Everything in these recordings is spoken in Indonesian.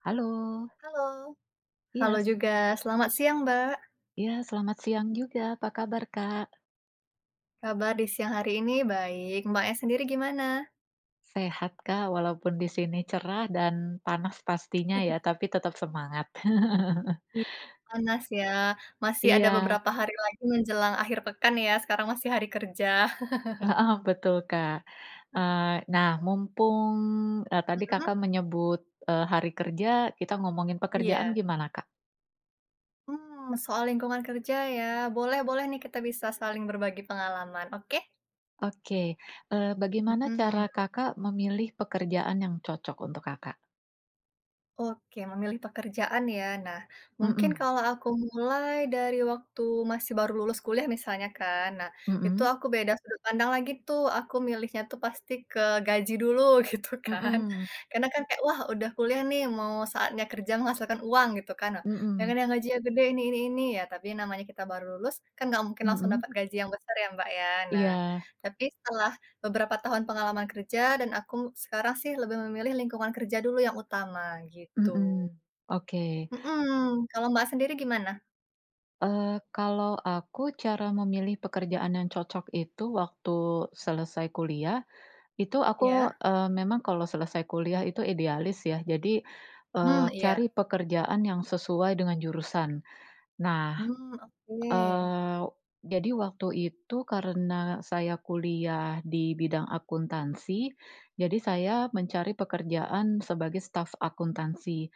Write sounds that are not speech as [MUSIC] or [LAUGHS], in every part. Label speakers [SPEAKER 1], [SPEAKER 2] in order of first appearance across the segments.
[SPEAKER 1] Halo.
[SPEAKER 2] Halo.
[SPEAKER 1] Iya
[SPEAKER 2] Halo
[SPEAKER 1] s
[SPEAKER 2] juga. Selamat siang, Mbak.
[SPEAKER 1] Ya. Selamat siang juga. Apa kabar, Kak?
[SPEAKER 2] Kabar di siang hari ini baik. Mbaknya sendiri gimana?
[SPEAKER 1] Sehat Kak. Walaupun di sini cerah dan panas pastinya ya,
[SPEAKER 2] [CHUCKLES]
[SPEAKER 1] tapi tetap semangat. [LAUGHS]
[SPEAKER 2] Iya. Panas ya. Masih ada
[SPEAKER 1] Iya.
[SPEAKER 2] beberapa hari lagi menjelang akhir pekan ya. Sekarang masih hari kerja. [CHUCKLES]
[SPEAKER 1] Heeh, betul, Kak. Eee, nah
[SPEAKER 2] [CHUCKLES]
[SPEAKER 1] mumpung, eee, tadi
[SPEAKER 2] Mhm.
[SPEAKER 1] Kakak menyebut, eee, hari kerja, kita ngomongin pekerjaan
[SPEAKER 2] Iya.
[SPEAKER 1] gimana, Kak?
[SPEAKER 2] Mmm, soal lingkungan kerja ya. Boleh-boleh nih, kita bisa saling berbagi pengalaman, oke?
[SPEAKER 1] Oke, eee, bagaimana
[SPEAKER 2] Mhm.
[SPEAKER 1] cara Kakak memilih pekerjaan yang cocok untuk Kakak?
[SPEAKER 2] Oke, memilih pekerjaan ya. Nah, mungkin
[SPEAKER 1] Mhm.
[SPEAKER 2] kalau aku mulai dari waktu masih baru lulus kuliah misalnya kan. Nah, itu
[SPEAKER 1] Mhm.
[SPEAKER 2] aku beda sudut pandang lagi tuh, aku milihnya tuh pasti ke gaji dulu gitu kan.
[SPEAKER 1] Mhm.
[SPEAKER 2] Karena kan kayak wah udah kuliah nih, mau saatnya kerja menghasilkan uang gitu kan. Jangan
[SPEAKER 1] Mhm.
[SPEAKER 2] yang gajinya gede ini ini ini, ya, tapi namanya kita baru lulus, kan enggak mungkin langsung
[SPEAKER 1] Mhm.
[SPEAKER 2] dapat gaji yang besar ya, Mbak, ya. Nah,
[SPEAKER 1] Iya.
[SPEAKER 2] tapi setelah beberapa tahun pengalaman kerja dan aku sekarang sih lebih memilih lingkungan kerja dulu yang utama, gitu.
[SPEAKER 1] Mhm. Oke.
[SPEAKER 2] Mhm. Kalau, Mbak, sendiri gimana?
[SPEAKER 1] Eee, kalau aku cara memilih pekerjaan yang cocok itu waktu selesai kuliah, itu aku,
[SPEAKER 2] Iya.
[SPEAKER 1] eee, memang kalau selesai kuliah itu idealis ya. Jadi, eee,
[SPEAKER 2] Hmm, iya.
[SPEAKER 1] cari pekerjaan yang sesuai dengan jurusan nah,
[SPEAKER 2] Hmm, oke.
[SPEAKER 1] eee, jadi waktu itu karena saya kuliah di bidang akuntansi jadi saya mencari pekerjaan sebagai staf akuntansi.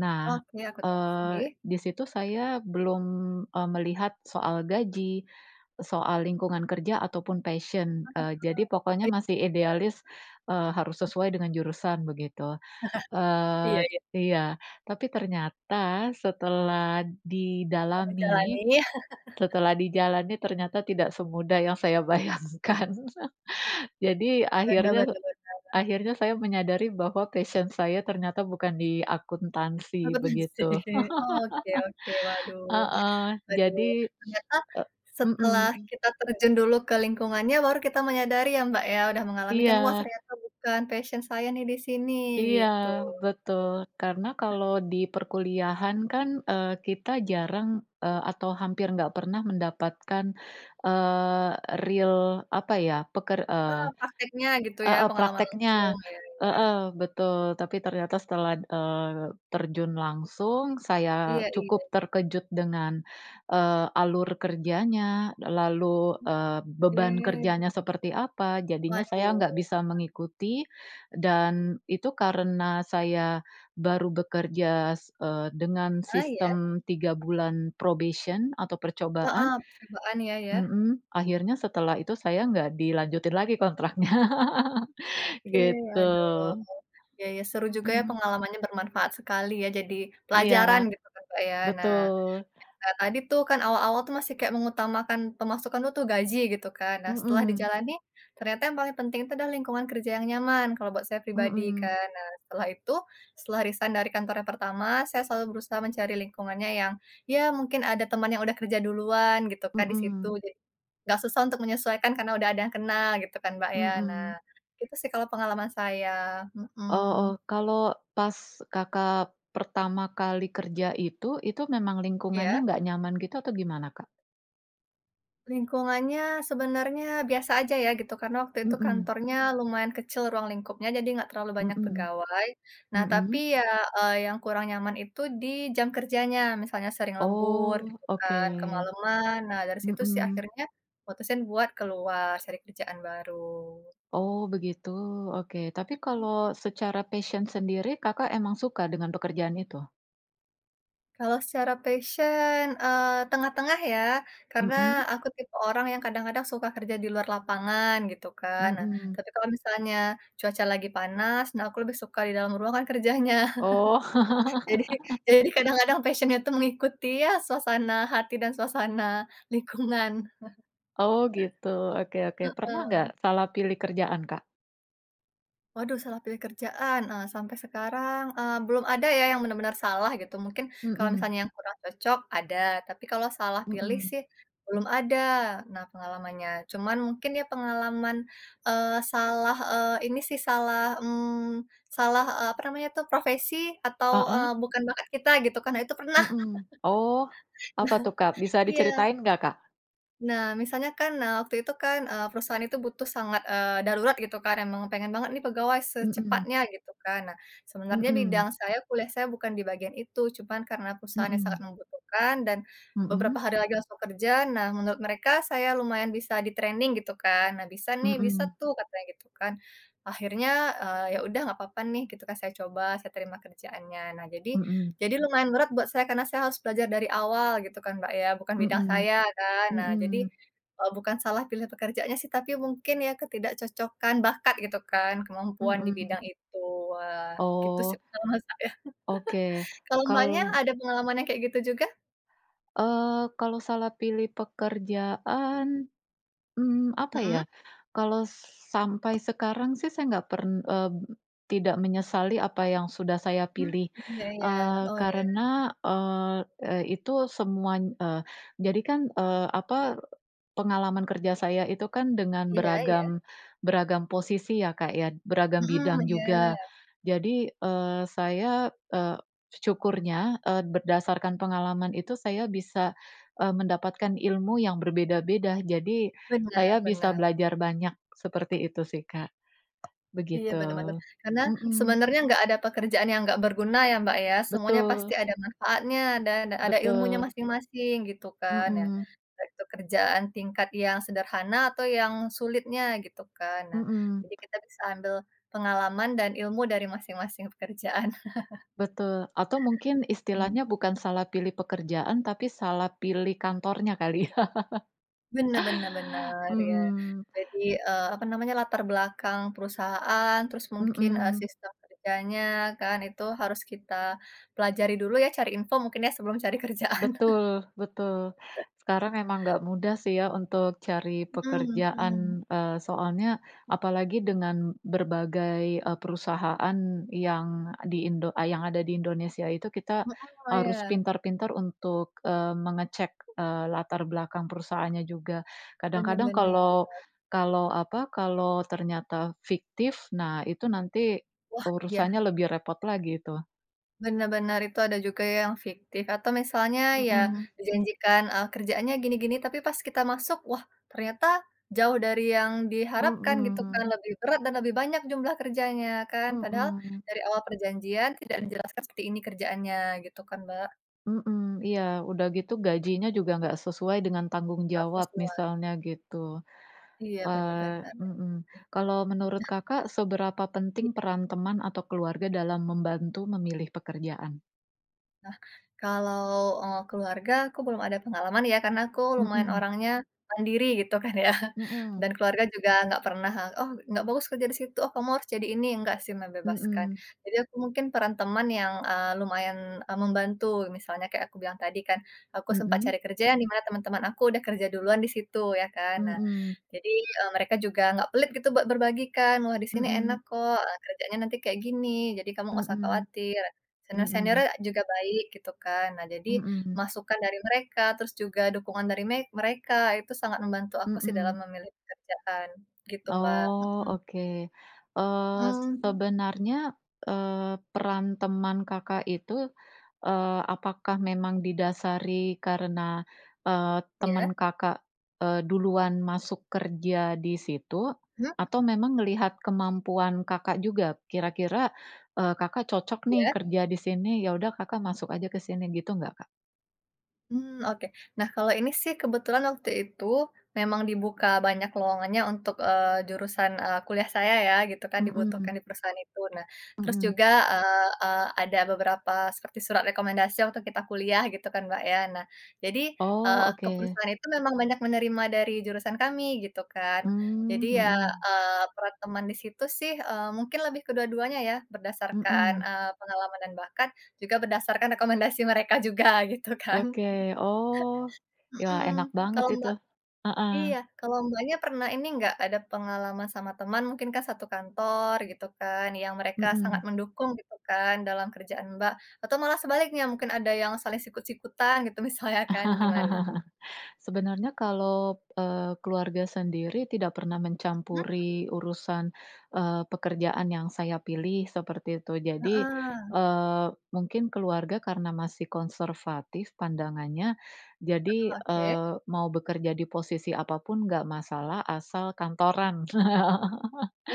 [SPEAKER 1] Nah,
[SPEAKER 2] Oke,
[SPEAKER 1] eee,
[SPEAKER 2] akuntansi.
[SPEAKER 1] disitu saya belum, eee, melihat soal gaji, soal lingkungan kerja ataupun passion, eee, jadi pokoknya
[SPEAKER 2] Heeh, iy
[SPEAKER 1] masih
[SPEAKER 2] bener.
[SPEAKER 1] idealis, eee, harus sesuai dengan jurusan, begitu.
[SPEAKER 2] [LAUGHS] Iya
[SPEAKER 1] Eee
[SPEAKER 2] iya.
[SPEAKER 1] iya, tapi ternyata setelah
[SPEAKER 2] Oh, di
[SPEAKER 1] didalami,
[SPEAKER 2] jalani. [LAUGHS]
[SPEAKER 1] setelah dijalani ternyata tidak semudah yang saya bayangkan. [LAUGHS] Jadi
[SPEAKER 2] Bener bener
[SPEAKER 1] akhirnya
[SPEAKER 2] bener.
[SPEAKER 1] akhirnya saya menyadari bahwa passion saya ternyata bukan di akuntansi,
[SPEAKER 2] Akuntansi.
[SPEAKER 1] begitu.
[SPEAKER 2] Oke oke, waduh
[SPEAKER 1] [LAUGHS] Heeh,
[SPEAKER 2] waduh.
[SPEAKER 1] jadi
[SPEAKER 2] Ternyata
[SPEAKER 1] eee,
[SPEAKER 2] setelah
[SPEAKER 1] mhm.
[SPEAKER 2] kita terjun dulu ke lingkungannya, baru kita menyadari ya Mbak ya, sudah mengalami kan, "Wah
[SPEAKER 1] Iya.
[SPEAKER 2] ternyata bukan passion saya nih di sini,"
[SPEAKER 1] Iya
[SPEAKER 2] gitu.
[SPEAKER 1] betul, karena kalau di perkuliahan kan, eee, kita jarang, eee, atau hampir nggak pernah mendapatkan, eee, real apa ya, peker eee,
[SPEAKER 2] Eee, prakteknya gitu ya,
[SPEAKER 1] heeh,
[SPEAKER 2] pengalaman
[SPEAKER 1] prakteknya.
[SPEAKER 2] langsung. Iya iya.
[SPEAKER 1] Heeh, betul, tapi ternyata setelah, eee, terjun langsung saya
[SPEAKER 2] Iya iya
[SPEAKER 1] cukup
[SPEAKER 2] iya.
[SPEAKER 1] terkejut dengan, eee, alur kerjanya. Lalu,
[SPEAKER 2] Oh,
[SPEAKER 1] eee, beban
[SPEAKER 2] oke.
[SPEAKER 1] kerjanya seperti apa, jadinya saya
[SPEAKER 2] Waduh.
[SPEAKER 1] nggak bisa
[SPEAKER 2] Kenapa?
[SPEAKER 1] mengikuti dan itu karena saya baru bekerja, eee, dengan
[SPEAKER 2] Ah, iya?
[SPEAKER 1] sistem 3 bulan probation atau percobaan.
[SPEAKER 2] Heeh, percobaan ya ya.
[SPEAKER 1] Mhm, akhirnya setelah itu saya enggak dilanjutin lagi kontraknya, [LAUGHS]
[SPEAKER 2] Oke,
[SPEAKER 1] gitu.
[SPEAKER 2] waduh, ya ya seru juga ya
[SPEAKER 1] Mhm.
[SPEAKER 2] pengalamannya bermanfaat sekali ya, jadi pelajaran
[SPEAKER 1] Iya,
[SPEAKER 2] gitu kan, Mbak, ya. Nah,
[SPEAKER 1] betul.
[SPEAKER 2] cerita tadi tuh kan awal-awal tuh masih kayak mengutamakan pemasukan dulu tuh gaji gitu kan. Nah setelah
[SPEAKER 1] Mhm.
[SPEAKER 2] dijalani, ternyata yang paling penting itu adalah lingkungan kerja yang nyaman, kalau buat saya pribadi
[SPEAKER 1] Mhm.
[SPEAKER 2] kan. Nah, setelah itu, setelah resign dari kantor yang pertama, saya selalu berusaha mencari lingkungannya yang ya mungkin ada teman yang udah kerja duluan gitu kan di situ.
[SPEAKER 1] Mhm.
[SPEAKER 2] Jadi, nggak susah untuk menyesuaikan karena udah ada yang kenal gitu kan, Mbak, ya. Nah,
[SPEAKER 1] Mhm.
[SPEAKER 2] itu sih kalau pengalaman saya,
[SPEAKER 1] Oh oh,
[SPEAKER 2] mhm.
[SPEAKER 1] kalau pas Kakak pertama kali kerja itu, itu memang lingkungannya
[SPEAKER 2] Iya?
[SPEAKER 1] nggak nyaman gitu atau gimana, Kak?
[SPEAKER 2] Lingkungannya sebenarnya biasa aja ya gitu, karena waktu itu
[SPEAKER 1] Mhm.
[SPEAKER 2] kantornya lumayan kecil ruang lingkupnya, jadi enggak terlalu banyak
[SPEAKER 1] Mhm.
[SPEAKER 2] pegawai. Nah, tapi
[SPEAKER 1] Mhm.
[SPEAKER 2] ya, eee, yang kurang nyaman itu, di jam kerjanya, misalnya sering lembur
[SPEAKER 1] Oh,
[SPEAKER 2] gitu kan,
[SPEAKER 1] oke.
[SPEAKER 2] kemaleman. Nah, dari situ sih
[SPEAKER 1] Mhm.
[SPEAKER 2] akhirnya mutusin buat keluar cari kerjaan baru.
[SPEAKER 1] Oh begitu, oke. Tapi
[SPEAKER 2] Mhm.
[SPEAKER 1] kalau secara passion sendiri, Kakak emang suka dengan pekerjaan itu?
[SPEAKER 2] Kalau secara passion, eee, tengah-tengah ya, karena
[SPEAKER 1] Mhm.
[SPEAKER 2] aku tipe orang yang kadang-kadang suka kerja di luar lapangan gitu kan. Nah,
[SPEAKER 1] Mhm.
[SPEAKER 2] tapi kalau misalnya cuaca lagi panas, nah aku lebih suka di dalam ruangan kerjanya.
[SPEAKER 1] Oh.
[SPEAKER 2] [CHUCKLES] Jadi,
[SPEAKER 1] [LAUGHS]
[SPEAKER 2] jadi kadang-kadang passion-nya itu mengikuti ya, suasana hati dan suasana lingkungan. [CHUCKLES]
[SPEAKER 1] Oh, gitu oke oke. Pernah enggak
[SPEAKER 2] Heeh.
[SPEAKER 1] salah pilih kerjaan, Kak?
[SPEAKER 2] Waduh, salah pilih kerjaan, eee, sampai sekarang, eee, belum ada ya, yang benar-benar salah gitu. Mungkin kalau
[SPEAKER 1] Mhm.
[SPEAKER 2] misalnya yang kurang cocok ada, tapi kalau salah pilih
[SPEAKER 1] Mhm.
[SPEAKER 2] sih belum ada, nah pengalamannya. Cuman mungkin ya pengalaman, eee, salah, eee, ini sih salah, mmm, salah, eee, apa namanya itu profesi atau,
[SPEAKER 1] Heeh.
[SPEAKER 2] eee, bukan bakat kita gitu kan. Nah, itu pernah.
[SPEAKER 1] Mhm. Oh, apa tuh, Kak?
[SPEAKER 2] [LAUGHS]
[SPEAKER 1] Bisa
[SPEAKER 2] Iya.
[SPEAKER 1] diceritain enggak, Kak?
[SPEAKER 2] Nah, misalnya kan, nah, waktu itu kan, eee, perusahaan itu butuh sangat, eee, darurat, gitu kan. Emang pengen banget nih, pegawai
[SPEAKER 1] Mmm.
[SPEAKER 2] secepatnya, gitu kan. Nah, sebenarnya
[SPEAKER 1] Mmm.
[SPEAKER 2] bidang saya, kuliah saya, bukan di bagian itu. Cuman karena perusahaan yang sangat
[SPEAKER 1] Mhm.
[SPEAKER 2] membutuhkan dan beberapa
[SPEAKER 1] Mhm.
[SPEAKER 2] hari lagi langsung kerja, nah, menurut mereka, saya lumayan bisa di-training, gitu kan. Nah, "Bisa nih, bisa
[SPEAKER 1] Mmm.
[SPEAKER 2] tuh," katanya gitu, kan. Akhirnya, eee, ya udah, nggak apa-apa nih, gitu kan, saya coba, saya terima kerjaannya. Nah, jadi,
[SPEAKER 1] Mhm.
[SPEAKER 2] jadi lumayan berat buat saya, karena saya harus belajar dari awal, gitu kan, Mbak, ya. Bukan bidang
[SPEAKER 1] Mmm.
[SPEAKER 2] saya, kan. Nah, jadi,
[SPEAKER 1] Mmm.
[SPEAKER 2] eee, bukan salah pilih pekerjaannya, sih. Tapi mungkin, ya ketidakcocokan bakat, gitu kan, kemampuan di
[SPEAKER 1] Mhm.
[SPEAKER 2] bidang itu. Wah, gitu
[SPEAKER 1] Oh.
[SPEAKER 2] sih, pengalaman saya.
[SPEAKER 1] Oke.
[SPEAKER 2] [GIGGLES] Kalau Mbaknya
[SPEAKER 1] Kal
[SPEAKER 2] ada pengalaman yang kayak gitu juga?
[SPEAKER 1] Eee, kalau salah pilih pekerjaan, mmm, apa ya,
[SPEAKER 2] Mhm.
[SPEAKER 1] kalau sampai sekarang sih, saya nggak pern eee, tidak menyesali apa yang sudah saya
[SPEAKER 2] Mmm,
[SPEAKER 1] pilih.
[SPEAKER 2] ya ya.
[SPEAKER 1] Eee,
[SPEAKER 2] Oh, iya.
[SPEAKER 1] karena, eee, eee, itu semuany eee, jadi kan, eee, apa, pengalaman kerja saya itu kan dengan
[SPEAKER 2] Iya iya?
[SPEAKER 1] beragam beragam posisi, ya Kak, ya. Beragam
[SPEAKER 2] Mhm,
[SPEAKER 1] bidang
[SPEAKER 2] iya.
[SPEAKER 1] juga. Jadi, eee, saya, eee, syukurnya, eee, berdasarkan pengalaman itu, saya bisa, eee, mendapatkan ilmu yang berbeda-beda. Jadi,
[SPEAKER 2] Benar
[SPEAKER 1] saya bisa
[SPEAKER 2] benar.
[SPEAKER 1] belajar banyak. Seperti itu sih, Kak.
[SPEAKER 2] Iya,
[SPEAKER 1] Begitu.
[SPEAKER 2] benar benar. Karena,
[SPEAKER 1] Mhm.
[SPEAKER 2] sebenarnya nggak ada pekerjaan yang nggak berguna, ya Mbak, ya. Semuanya
[SPEAKER 1] Betul.
[SPEAKER 2] pasti ada manfaatnya dan ada ilmunya
[SPEAKER 1] Betul.
[SPEAKER 2] masing-masing, gitu kan, ya.
[SPEAKER 1] Mhm.
[SPEAKER 2] Entah itu kerjaan tingkat yang sederhana, atau yang sulitnya, gitu kan. Nah,
[SPEAKER 1] Mmm.
[SPEAKER 2] jadi kita bisa ambil pengalaman dan ilmu dari masing-masing pekerjaan. [CHUCKLES]
[SPEAKER 1] Betul, atau mungkin,
[SPEAKER 2] Mmm.
[SPEAKER 1] istilahnya bukan salah pilih pekerjaan, tapi salah pilih kantornya, kali. [LAUGHS]
[SPEAKER 2] Benar benar benar, ya.
[SPEAKER 1] Mhm.
[SPEAKER 2] Jadi, eee, apa namanya, latar belakang perusahaan, terus mungkin, eee,
[SPEAKER 1] Mmm.
[SPEAKER 2] sistem kerjanya kan, itu harus kita pelajari dulu, ya. Cari info, mungkin ya, sebelum cari kerjaan. [CHUCKLES]
[SPEAKER 1] Betul, betul. Sekarang memang nggak mudah sih, ya, untuk cari
[SPEAKER 2] Mhm mhm.
[SPEAKER 1] pekerjaan. Eee, soalnya, apalagi dengan berbagai, eee, perusahaan yang di Indo ah, yang ada di Indonesia itu, kita
[SPEAKER 2] Heeh,
[SPEAKER 1] harus
[SPEAKER 2] ya.
[SPEAKER 1] pintar-pintar untuk, eee, mengecek, eee, latar belakang perusahaannya juga.
[SPEAKER 2] Benar
[SPEAKER 1] Kadang-kadang
[SPEAKER 2] benar.
[SPEAKER 1] kalau kalau apa, kalau ternyata fiktif, nah, itu nanti,
[SPEAKER 2] Wah, ya.
[SPEAKER 1] urusannya lebih repot lagi, itu.
[SPEAKER 2] Benar benar itu ada juga ya, yang fiktif atau misalnya ya
[SPEAKER 1] Mhm.
[SPEAKER 2] dijanjikan, eee, kerjaannya gini-gini, tapi pas kita masuk, wah ternyata jauh dari yang diharapkan gitu kan,
[SPEAKER 1] Mhm.
[SPEAKER 2] lebih berat dan lebih banyak jumlah kerjanya kan. Padahal
[SPEAKER 1] Mhm.
[SPEAKER 2] dari awal perjanjian tidak dijelaskan seperti ini kerjaannya gitu kan, Mbak.
[SPEAKER 1] Mhm, iya, udah gitu gajinya juga enggak sesuai dengan tanggung
[SPEAKER 2] Enggak
[SPEAKER 1] jawab,
[SPEAKER 2] sesuai.
[SPEAKER 1] misalnya gitu.
[SPEAKER 2] Iya, bener
[SPEAKER 1] Eee
[SPEAKER 2] bener.
[SPEAKER 1] mhm. Kalau menurut Kakak, seberapa penting
[SPEAKER 2] I
[SPEAKER 1] peran teman atau keluarga dalam membantu memilih pekerjaan?
[SPEAKER 2] Nah, kalau, eee, keluarga, aku belum ada pengalaman ya, karena aku lumayan
[SPEAKER 1] Mhm.
[SPEAKER 2] orangnya mandiri gitu kan ya
[SPEAKER 1] Mhm.
[SPEAKER 2] dan keluarga juga enggak pernah, "Oh enggak bagus kerja di situ, oh kamu harus jadi ini," enggak sih membebaskan.
[SPEAKER 1] Mhm.
[SPEAKER 2] Jadi aku mungkin peran teman yang, eee, lumayan, eee, membantu. Misalnya kayak aku bilang tadi kan, aku sempat
[SPEAKER 1] Mhm.
[SPEAKER 2] cari kerja yang di mana teman-teman aku sudah kerja duluan di situ, ya kan? Nah,
[SPEAKER 1] Mhm.
[SPEAKER 2] jadi, eee, mereka juga enggak pelit gitu buat berbagi kan, "Wah di sini enak
[SPEAKER 1] Mhm.
[SPEAKER 2] kok kerjanya nanti kayak gini, jadi kamu enggak usah
[SPEAKER 1] Mhm,
[SPEAKER 2] khawatir,
[SPEAKER 1] mhm.
[SPEAKER 2] senior-seniornya juga baik," gitu kan. Nah jadi
[SPEAKER 1] Mhm.
[SPEAKER 2] masukan dari mereka, terus juga dukungan dari me mereka itu sangat membantu aku sih dalam
[SPEAKER 1] Mhm.
[SPEAKER 2] memilih pekerjaan gitu, Mbak
[SPEAKER 1] Oh,
[SPEAKER 2] mhm.
[SPEAKER 1] oke. Eee,
[SPEAKER 2] Mmm.
[SPEAKER 1] sebenarnya, eee, peran teman Kakak itu, eee, apakah memang didasari karena, eee,
[SPEAKER 2] Ya.
[SPEAKER 1] teman Kakak, eee, duluan masuk kerja di situ
[SPEAKER 2] Hmm.
[SPEAKER 1] atau memang melihat kemampuan Kakak juga kira-kira, eee, Kakak cocok nih
[SPEAKER 2] Ya.
[SPEAKER 1] kerja di sini, ya udah, Kakak masuk aja kesini gitu enggak, Kak?
[SPEAKER 2] Mmm, oke. Nah kalau ini sih kebetulan waktu itu memang dibuka banyak lowongannya untuk, eee, jurusan, eee, kuliah saya ya gitu kan
[SPEAKER 1] Mhm.
[SPEAKER 2] dibutuhkan di perusahaan itu. Nah, terus
[SPEAKER 1] Mhm.
[SPEAKER 2] juga, eee eee, ada beberapa seperti surat rekomendasi waktu kita kuliah gitu kan, Mbak, ya. Nah jadi,
[SPEAKER 1] Oh,
[SPEAKER 2] eee, ke
[SPEAKER 1] oke.
[SPEAKER 2] perusahaan itu memang banyak menerima dari jurusan kami, gitu kan.
[SPEAKER 1] Mmm,
[SPEAKER 2] Jadi ya,
[SPEAKER 1] mhm.
[SPEAKER 2] eee, per teman di situ sih, eee, mungkin lebih kedua-duanya ya, berdasarkan,
[SPEAKER 1] Mhm.
[SPEAKER 2] eee, pengalaman dan bahkan juga berdasarkan rekomendasi mereka juga gitu kan.
[SPEAKER 1] Oke. Oh,
[SPEAKER 2] [CHUCKLES]
[SPEAKER 1] ya,
[SPEAKER 2] Mhm,
[SPEAKER 1] enak banget
[SPEAKER 2] kalau,
[SPEAKER 1] itu.
[SPEAKER 2] Mbak iya.
[SPEAKER 1] Heeh.
[SPEAKER 2] Kalau, Mbaknya pernah ini enggak, ada pengalaman sama teman, mungkin kan satu kantor gitu kan, yang mereka sangat
[SPEAKER 1] Mhm.
[SPEAKER 2] mendukung gitu kan dalam kerjaan, Mbak, atau malah sebaliknya, mungkin ada yang saling sikut-sikutan gitu misalnya kan gimana?
[SPEAKER 1] [LAUGHS] Sebenernya. Kalau, eee, keluarga sendiri tidak pernah
[SPEAKER 2] Mhm.
[SPEAKER 1] mencampuri urusan, eee, pekerjaan yang saya pilih seperti itu. Jadi,
[SPEAKER 2] Heeh.
[SPEAKER 1] eee, mungkin keluarga karena masih konservatif pandangannya.
[SPEAKER 2] Heeh,
[SPEAKER 1] Jadi,
[SPEAKER 2] oke.
[SPEAKER 1] eee, mau bekerja di posisi apapun enggak masalah, asal kantoran.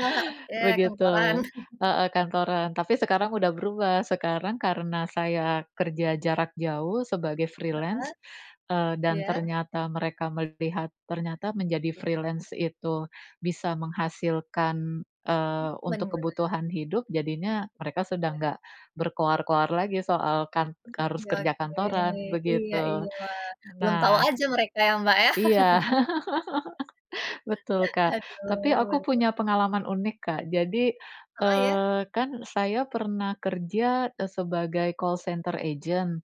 [SPEAKER 2] Eee, oke, kantoran.
[SPEAKER 1] Begitu
[SPEAKER 2] [CHUCKLES]
[SPEAKER 1] heeh kantoran, tapi sekarang sudah berubah, sekarang karena saya kerja jarak jauh sebagai
[SPEAKER 2] Heeh.
[SPEAKER 1] freelance, eee, dan
[SPEAKER 2] Iya.
[SPEAKER 1] ternyata mereka melihat ternyata menjadi freelance, itu bisa menghasilkan,
[SPEAKER 2] Mmm,
[SPEAKER 1] eee, untuk
[SPEAKER 2] bener.
[SPEAKER 1] kebutuhan hidup, jadinya mereka sudah
[SPEAKER 2] Ya.
[SPEAKER 1] enggak berkoar-koar lagi soal kan
[SPEAKER 2] Mmm,
[SPEAKER 1] harus
[SPEAKER 2] ya,
[SPEAKER 1] kerja
[SPEAKER 2] oke.
[SPEAKER 1] kantoran,
[SPEAKER 2] Iya
[SPEAKER 1] begitu.
[SPEAKER 2] iya, wah. Belum tahu
[SPEAKER 1] Nah
[SPEAKER 2] aja mereka ya, Mbak, ya.
[SPEAKER 1] Iya. [LAUGHS] Betul,
[SPEAKER 2] [LAUGHS]
[SPEAKER 1] Kak,
[SPEAKER 2] Aduh,
[SPEAKER 1] tapi aku
[SPEAKER 2] bener.
[SPEAKER 1] punya pengalaman unik, Kak. Jadi,
[SPEAKER 2] Heeh, ya.
[SPEAKER 1] eee, kan saya pernah kerja sebagai call center agent.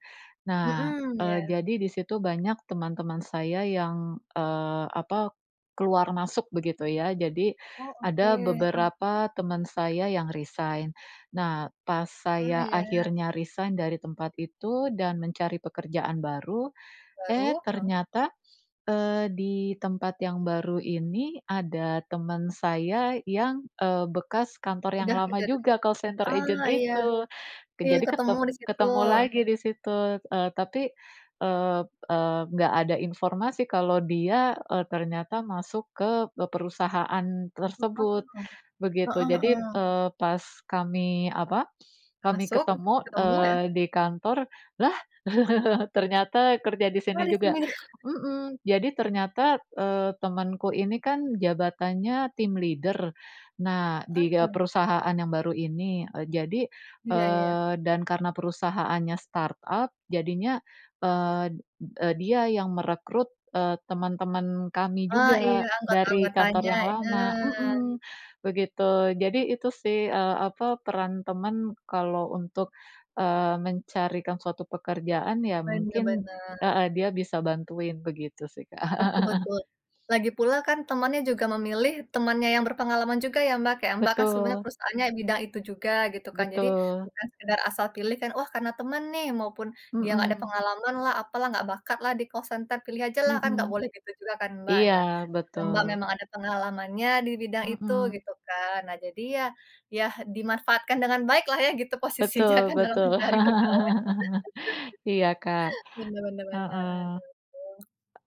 [SPEAKER 1] Nah,
[SPEAKER 2] Mhm,
[SPEAKER 1] eee,
[SPEAKER 2] iya.
[SPEAKER 1] jadi di situ banyak teman-teman saya yang, eee, apa keluar masuk begitu ya. Jadi
[SPEAKER 2] Oh, oke.
[SPEAKER 1] ada
[SPEAKER 2] Mmm.
[SPEAKER 1] beberapa teman saya yang resign. Nah, pas
[SPEAKER 2] Oh,
[SPEAKER 1] saya
[SPEAKER 2] ya.
[SPEAKER 1] akhirnya resign dari tempat itu dan mencari pekerjaan baru, eh
[SPEAKER 2] Baru, heeh.
[SPEAKER 1] ternyata, eee, di tempat yang baru ini, ada teman saya yang, eee, bekas kantor yang
[SPEAKER 2] Udah gitu
[SPEAKER 1] lama
[SPEAKER 2] ya, dulu.
[SPEAKER 1] juga call center
[SPEAKER 2] Oh
[SPEAKER 1] agent
[SPEAKER 2] iya,
[SPEAKER 1] itu, ke
[SPEAKER 2] iya
[SPEAKER 1] jadi ket
[SPEAKER 2] ketemu di situ.
[SPEAKER 1] ketemu lagi di situ, eee, tapi, eee eee, enggak ada informasi kalau dia, eee, ternyata masuk ke perusahaan
[SPEAKER 2] Mhm,
[SPEAKER 1] tersebut, begitu.
[SPEAKER 2] heeh
[SPEAKER 1] Jadi,
[SPEAKER 2] heeh.
[SPEAKER 1] eee, pas kami apa, kami
[SPEAKER 2] Masuk,
[SPEAKER 1] ketemu,
[SPEAKER 2] ketemu ya.
[SPEAKER 1] eee, di kantor, "Lah [LAUGHS] ternyata kerja di
[SPEAKER 2] Lah
[SPEAKER 1] sini
[SPEAKER 2] di
[SPEAKER 1] juga,"
[SPEAKER 2] sini. [CHUCKLES]
[SPEAKER 1] mhm, jadi ternyata, eee, temanku ini kan jabatannya tim leader. Nah, di ga
[SPEAKER 2] Heeh.
[SPEAKER 1] perusahaan yang baru ini, jadi,
[SPEAKER 2] Iya iya.
[SPEAKER 1] eee, dan karena perusahaannya startup, jadinya, eee, e dia yang merekrut, eee, teman-teman kami
[SPEAKER 2] Oh. Iya,
[SPEAKER 1] juga dari kantor
[SPEAKER 2] anggota-anggotanya,
[SPEAKER 1] yang lama
[SPEAKER 2] heeh.
[SPEAKER 1] heeh. Begitu, Jadi itu sih, eee, apa peran teman kalau untuk, eee, mencarikan suatu pekerjaan, ya
[SPEAKER 2] Bener
[SPEAKER 1] mungkin
[SPEAKER 2] bener.
[SPEAKER 1] heeh dia bisa bantuin begitu sih, Kak.
[SPEAKER 2] Betul
[SPEAKER 1] [CHUCKLES]
[SPEAKER 2] betul. Lagi pula kan temannya juga memilih temannya yang berpengalaman juga ya, Mbak. Kayak, Mbak, kan sebenarnya
[SPEAKER 1] Betul.
[SPEAKER 2] perusahaannya bidang itu juga gitu kan. Jadi,
[SPEAKER 1] Betul.
[SPEAKER 2] bukan sekedar asal pilih kan. Wah, karena teman nih, maupun dia enggak ada
[SPEAKER 1] Mhm.
[SPEAKER 2] pengalamanlah, apalah, enggak bakatlah di call center, pilih ajalah kan nggak
[SPEAKER 1] Mhm.
[SPEAKER 2] boleh gitu juga kan, Mbak.
[SPEAKER 1] Iya,
[SPEAKER 2] Nah, Mbak,
[SPEAKER 1] betul.
[SPEAKER 2] memang ada pengalamannya di bidang itu
[SPEAKER 1] Mhm.
[SPEAKER 2] gitu kan. Nah jadi ya ya dimanfaatkan dengan baiklah ya gitu posisinya
[SPEAKER 1] Betul
[SPEAKER 2] kan dalam
[SPEAKER 1] betul.
[SPEAKER 2] mencari pegawai.
[SPEAKER 1] [LAUGHS] Iya, Kak,
[SPEAKER 2] [LAUGHS] Bener bener bener,
[SPEAKER 1] heeh.
[SPEAKER 2] aduh.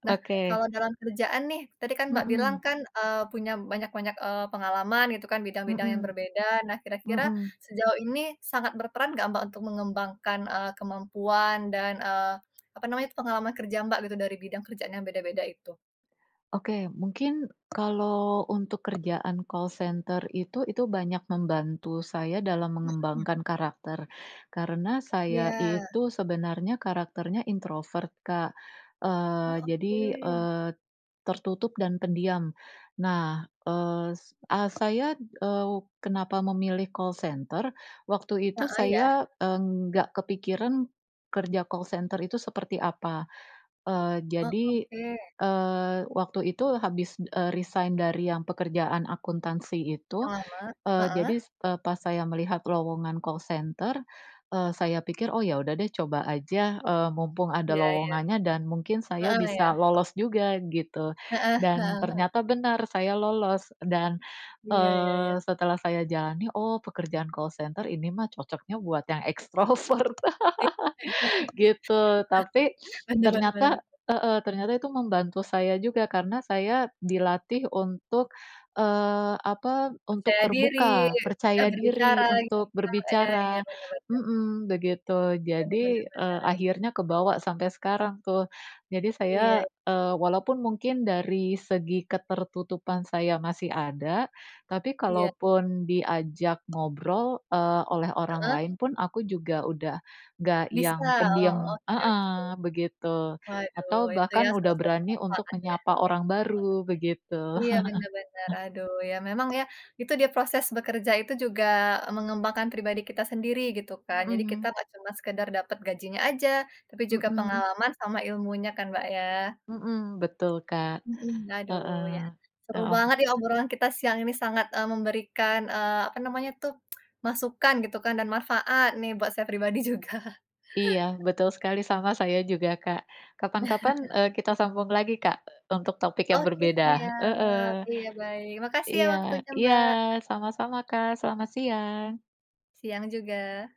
[SPEAKER 2] Nah,
[SPEAKER 1] Oke.
[SPEAKER 2] kalau dalam kerjaan nih, tadi kan, Mbak, bilang
[SPEAKER 1] Mhm.
[SPEAKER 2] kan, eee, punya banyak-banyak, eee, pengalaman gitu kan bidang-bidang yang
[SPEAKER 1] Mhm.
[SPEAKER 2] berbeda. Nah kira-kira
[SPEAKER 1] Mhm.
[SPEAKER 2] sejauh ini sangat berperan enggak Mbak, untuk mengembangkan, eee, kemampuan dan, eee, apa namanya, pengalaman kerja, Mbak, gitu dari bidang kerjaan yang beda-beda itu?
[SPEAKER 1] Oke. Mungkin kalau untuk kerjaan call center itu, itu banyak membantu saya dalam
[SPEAKER 2] Mhm.
[SPEAKER 1] mengembangkan karakter. Karena saya
[SPEAKER 2] Iya.
[SPEAKER 1] itu sebenarnya karakternya introvert, Kak.
[SPEAKER 2] Oh,
[SPEAKER 1] Eee, jadi,
[SPEAKER 2] oke.
[SPEAKER 1] eee, tertutup dan pendiam. Nah, es ah, saya, eee, kenapa memilih call center, waktu itu
[SPEAKER 2] Heeh, ya.
[SPEAKER 1] saya, eee, nggak kepikiran kerja call center itu seperti apa. Eee,
[SPEAKER 2] Oh,
[SPEAKER 1] jadi,
[SPEAKER 2] oke.
[SPEAKER 1] eee, waktu itu habis, eee, resign dari yang pekerjaan akuntansi
[SPEAKER 2] Yang
[SPEAKER 1] itu,
[SPEAKER 2] lama?
[SPEAKER 1] eee,
[SPEAKER 2] Heeh.
[SPEAKER 1] jadi s eee, pas saya melihat lowongan call center, eee, saya pikir, “Oh ya sudah deh, coba aja, eee, mumpung ada
[SPEAKER 2] Iya iya.
[SPEAKER 1] lowongannya dan mungkin saya
[SPEAKER 2] Heeh, ya.
[SPEAKER 1] bisa lolos juga,” gitu.
[SPEAKER 2] Heeh
[SPEAKER 1] Dan
[SPEAKER 2] heeh heeh.
[SPEAKER 1] ternyata benar, saya lolos, dan,
[SPEAKER 2] Iya iya
[SPEAKER 1] eee,
[SPEAKER 2] iya.
[SPEAKER 1] setelah saya jalani, "Oh, pekerjaan call center ini mah cocoknya buat yang ekstrovert,"
[SPEAKER 2] Iya.
[SPEAKER 1] [LAUGHS] Gitu. Tapi,
[SPEAKER 2] [CHUCKLES]
[SPEAKER 1] [SNIFFS]
[SPEAKER 2] Bener bener
[SPEAKER 1] ternyata
[SPEAKER 2] bener.
[SPEAKER 1] heeh, ternyata itu membantu saya juga karena saya dilatih untuk, eee, apa, untuk
[SPEAKER 2] Percaya diri,
[SPEAKER 1] terbuka,
[SPEAKER 2] mudah
[SPEAKER 1] percaya diri
[SPEAKER 2] berbicara [UNINTELLIGIBLE]
[SPEAKER 1] untuk
[SPEAKER 2] iya iya,
[SPEAKER 1] berbicara,
[SPEAKER 2] bener bener.
[SPEAKER 1] mhm, begitu.
[SPEAKER 2] Bener bener
[SPEAKER 1] Jadi, eee, akhirnya
[SPEAKER 2] bener.
[SPEAKER 1] kebawa sampai sekarang tuh. Jadi saya
[SPEAKER 2] Iya.
[SPEAKER 1] eee, walaupun mungkin dari segi ketertutupan saya masih ada, tapi
[SPEAKER 2] Iya.
[SPEAKER 1] kalaupun diajak ngobrol, eee, oleh orang
[SPEAKER 2] Heeh.
[SPEAKER 1] lain pun aku juga udah enggak
[SPEAKER 2] Bisa.
[SPEAKER 1] yang
[SPEAKER 2] Oh,
[SPEAKER 1] pendiam
[SPEAKER 2] oke oke.
[SPEAKER 1] heeh, begitu,
[SPEAKER 2] Waduh,
[SPEAKER 1] atau
[SPEAKER 2] itu ya
[SPEAKER 1] bahkan udah
[SPEAKER 2] salah satu
[SPEAKER 1] berani untuk
[SPEAKER 2] manfaatnya.
[SPEAKER 1] menyapa orang baru, begitu.
[SPEAKER 2] Iya,
[SPEAKER 1] [CHUCKLES]
[SPEAKER 2] benar benar. Aduh, ya memang ya, itu dia proses bekerja itu juga mengembangkan pribadi kita sendiri, gitu kan. Jadi kita
[SPEAKER 1] Mhm.
[SPEAKER 2] nggak cuma sekedar dapat gajinya aja, tapi juga
[SPEAKER 1] Mhm.
[SPEAKER 2] pengalaman sama ilmunya kan, Mbak, ya?
[SPEAKER 1] Mhm, betul, Kak.
[SPEAKER 2] Mhm, aduh, ya.
[SPEAKER 1] Heeh,
[SPEAKER 2] Seru
[SPEAKER 1] heeh.
[SPEAKER 2] banget nih, obrolan kita siang ini sangat, eee, memberikan, eee, apa namanya tuh, [TSK] masukan, gitu kan, dan manfaat nih buat saya pribadi juga.
[SPEAKER 1] Iya, betul sekali, sama saya juga, Kak. Kapan-kapan, eee, kita
[SPEAKER 2] [CHUCKLES]
[SPEAKER 1] sambung lagi, Kak, untuk topik yang
[SPEAKER 2] Oke,
[SPEAKER 1] berbeda. Heeh,
[SPEAKER 2] siap. Iya, baik. Makasih ya
[SPEAKER 1] iya.
[SPEAKER 2] waktunya,
[SPEAKER 1] Iya,
[SPEAKER 2] Mbak.
[SPEAKER 1] sama-sama, Kak, selamat siang.
[SPEAKER 2] Siang juga.